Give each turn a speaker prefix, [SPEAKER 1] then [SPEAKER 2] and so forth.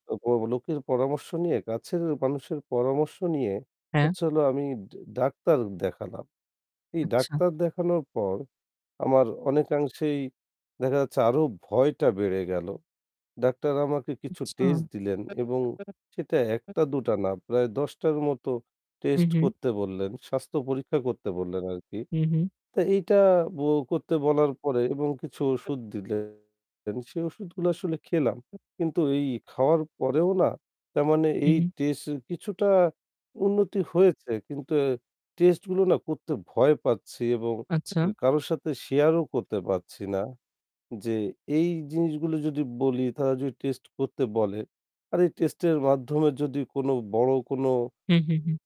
[SPEAKER 1] অ লোকের পরামর্শ নিয়ে, কাছের মানুষের পরামর্শ নিয়ে
[SPEAKER 2] হ্যাঁ।
[SPEAKER 1] হচ্ছে হলো আমি ডা ডাক্তার দেখালাম। এই
[SPEAKER 2] আচ্ছা।
[SPEAKER 1] ডাক্তার দেখানোর পর, আমার অনেকাংশেই দেখা যাচ্ছে; আরও ভয়টা বেড়ে গেল। ডাক্তার আমাকে কিছু
[SPEAKER 2] আচ্ছা।
[SPEAKER 1] টেস্ট দিলেন এবং সেটা ১
[SPEAKER 2] [unintelligible]
[SPEAKER 1] টা, দুটো না, প্রায় ১০ টার মতো
[SPEAKER 2] উ
[SPEAKER 1] টেস্ট
[SPEAKER 2] হুম।
[SPEAKER 1] করতে বললেন, স্বাস্থ্য পরীক্ষা করতে বললেন আরকি।
[SPEAKER 2] হুম, হুম।
[SPEAKER 1] তা এইটা ব করতে বলার পরে এবং কিছু ওষুধ দিলেন। সে ওষুধগুলো আসলে খেলাম। কিন্তু এই খাওয়ার পরেও না, তার মানে
[SPEAKER 2] হু,
[SPEAKER 1] এই
[SPEAKER 2] হুম।
[SPEAKER 1] টেস্ট কিছুটা উন্নতি হয়েছে কিন্তু আ টেস্টগুলো না করতে ভয় পাচ্ছি এবং উ
[SPEAKER 2] আচ্ছা।
[SPEAKER 1] কারো সাথে শেয়ারও করতে পারছি না। যে এই জিনিসগুলো যদি বলি তারা যদি টেস্ট করতে বলে, আর এই টেস্টের মাধ্যমে যদি কোন বড় কোন
[SPEAKER 2] হুম, হুম, হুম।